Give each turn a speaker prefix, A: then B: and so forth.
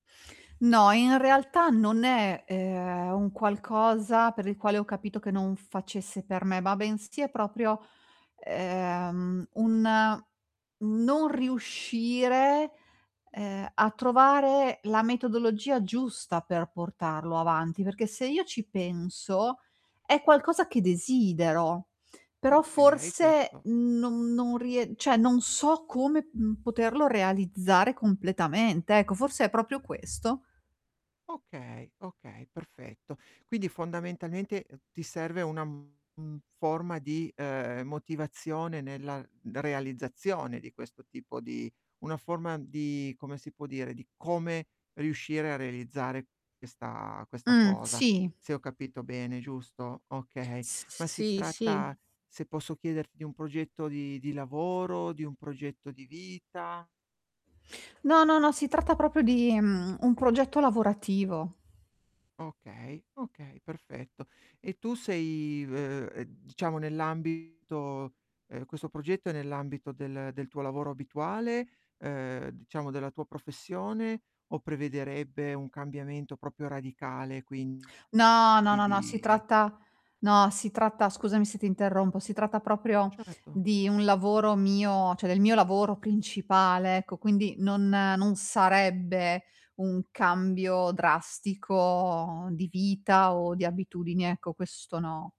A: No, in realtà non è, ehm, un qualcosa per il quale ho capito che non facesse per me, ma bensì è proprio, ehm, un non riuscire, ehm, a trovare la metodologia giusta per portarlo avanti. Perché se io ci penso è qualcosa che desidero, però
B: Okay,
A: forse
B: questo
A: non non rie cioè non so come, mhmm, poterlo realizzare completamente. Ecco, forse è proprio questo.
B: Okay, okay, perfetto. Quindi fondamentalmente ti serve una, mhmm, forma di, ehm, motivazione nella realizzazione di questo tipo di una forma di come si può dire, di come riuscire a realizzare questa questa
A: Mh,
B: cosa,
A: sì.
B: se ho capito bene, giusto? Okay.
A: S s
B: Ma si
A: sì, sì.
B: tratta, se posso chiederti, di un progetto di di lavoro, di un progetto di vita?
A: No, no, no, si tratta proprio di, mhmm, un progetto lavorativo.
B: Okay, okay, perfetto. E tu sei, v uhm, diciamo, nell' ambito ehm, questo progetto è nell'ambito del del tuo lavoro abituale, ehm, diciamo, della tua professione o prevederebbe un cambiamento proprio radicale, quindi
A: No, no, no, no, si
B: di
A: tratta no, si tratta, scusami se ti interrompo, si tratta proprio
B: Certo.
A: di un lavoro mio, cioè del mio lavoro principale, ecco, quindi non non sarebbe un cambio drastico di vita o di abitudini, ecco, questo no.